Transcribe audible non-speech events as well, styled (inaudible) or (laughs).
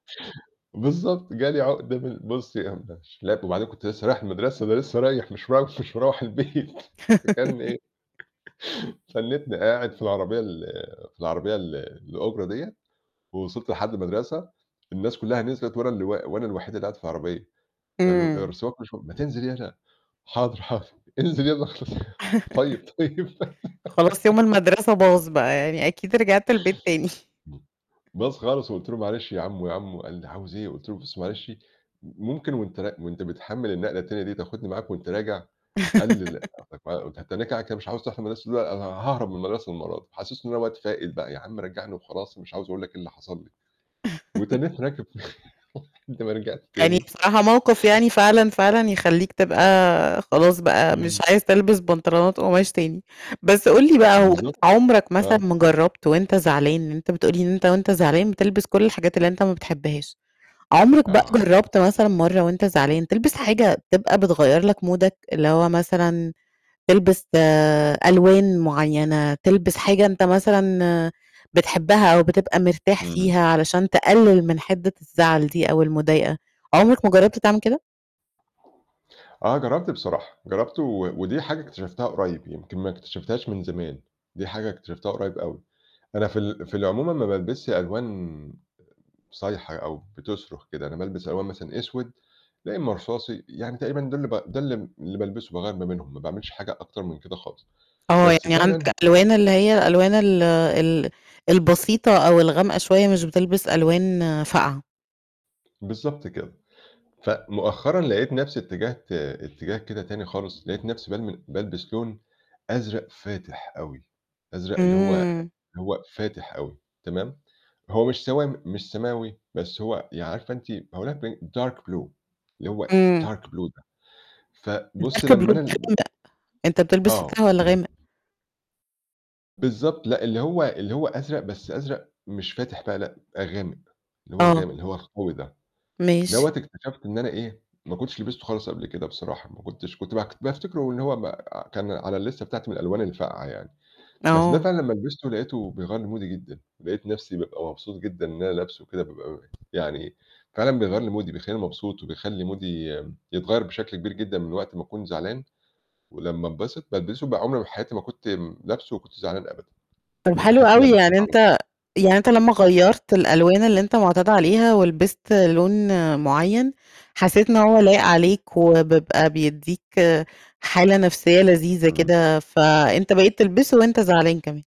بالضبط، جالي عُقدة من بُصّي (unintelligible) وبعدين كنت لسه رايح المدرسة، ده لسه رايح مش م مش مروَّح البيت فكان (giggles) إيه (laughs) تَنِّتني قاعد في العربية ال في العربية ال الأُجرة ديَّة، ووصِلت لحَدّ المدرسة، الناس كُلّها نزلت وأنا اللي وا وأنا الوحيد اللي قاعد في العربية، فالو أر إمم. فالسواق (unintelligible) ما تِنزل يلا، حاضر، حاضر انزل يالّا اخلص، طيب، (laughs) طيب خلاص يوم (giggles) المدرسة باظ بقى يعني، أكيد رِجعت البيت تاني باظ خالص وقُلت له: "معلش يا عمو، يا عمو" قال لي: "عاوز إيه؟"، قُلت له: "بُص معلش ممكن وأنت ر وأنت بتحمِّل النقلة التانية دي تاخدني معاك وأنت راجع؟" قال لي: "لأ، (giggles) أخدك معايا وأنت هتتّنّاك قاعد كده مش عاوز تروح المدرسة؟"، "لأ، أنا هاهرب من المدرسة المرّه دي."، حسّسّتُه إن أنا واد فاقد بقى، "يا عم رجّعني وخلاص مش عاوز أقول لك، إيه اللي حصل لي" (laughs) وتنّتّني راكب (chuckles) لحَدّ ما رِجعت يعني تاني بصراحة موقف يعني فعلًا، فعلًا يخلّيك تبقى خلاص بقى، إمم. مش عايز تلبِس بنطلونات قُماش تاني، بس قُل لي بقى هو أنت بالضبط، عُمرك مثلًا، آه. ما جرّبت وأنت زعلان، لأن أنت بتقول لي إن أنت وأنت زعلان بتِلبس كُلّ الحاجات اللي أنت ما بتحِبهاش، عُمرك بقى آه. جرّبت مثلًا، مرّه وأنت زعلان تلبِس حاجة تبقى بتغيّرلَك مودك اللي هو مثلًا، تلبس آآ ألوان مُعيّنة، تلبِس حاجة أنت مثلًا بتحِبها أو بتبقى مِرتاح إمم. فيها، علشان تقلِّل من حدِّة الزعل دي، أو المضايقة، عُمرك ما جرّبت تعمل كده؟ آه، جرّبت بصراحة، جرّبته و ودي حاجة اكتشفتها قريب، يمكن ما اكتشفتهاش من زمان، دي حاجة اكتشفتها قريب أوي، أنا في ال في العموم ما بالبسش ألوان صايحة أو بتصرخ كده، أنا بالبس ألوان مثلًا أسود، يا إمّا رصاصي، يعني تقريبًا دُول ب ده اللي ب ده اللي اللي بالبِسُه باغيّر ما بينهم، ما باعمِلش حاجة أكتر من كده خالص، آه، بس يعني عندك فعلًا ألوان، اللي هي الألوان ال ال البسيطة أو الغامقة شوية، مش بتلبِس ألوان فاقعة. بالضبط كده، فمؤخرًا لقيت نفسي اتجّهت اتجاه كده تاني خالص، لقيت نفسي بالم بالبس لون أزرق فاتح أوي، أزرق اللي هو إمم. اللي هو فاتح أوي تمام، هو مش سوامي مش سماوي، بس هو يعني عارفة أنتِ (unintelligible) dark blue اللي هو إمم. dark blue ده فبُصّي أركب لمّا أنا ال (unintelligible) أنت بتلبِس فاتح آه. والَّا غامق؟ بالضبط، لأ، اللي هو اللي هو أزرق بس أزرق مش فاتح بقى، لأ غامق، اللي هو آه. الغامق اللي هو القوي ده، دوّة ماشي. اكتشفت إن أنا إيه ما كنتش لِبستُه خالِص قبل كده بصراحة، ما كنتش كنت باك بافتِكرُه إن هو ب كان على الليستة بتاعتي من الألوان الفاقعة يعني، بس ده آه. فعلًا لمّا لِبستُه لقيته بيغيّر لي مودي جدًا، لقيت نفسي بابقى مبسوط جدًا إن أنا لابسُه وكده بابقى يعني فعلًا بيغيّر لي مودي بيخلّيني مبسوط، وبيخلّي مودي يتغيّر بشكل كبير جدًا، من وقت ما أكون زعلان، ولمّا انبسط بالبِسُه بقى عُمري بحياتي ما كنت لابسُه وكنت زعلان أبدًا، طَب حلو باحِسّ إن أنا أوي، باضحك يعني على طو أنت يعني أنت لمّا غيّرت الألوان اللي أنت مُعتاد عليها ولبِست لون مُعيّن حسّيت إن هو لايق عليك، وبيبقى بيدّيك حالة نفسية لذيذة إمم. كده، فأنت بقيت تلبسُه وأنت زعلان كمان.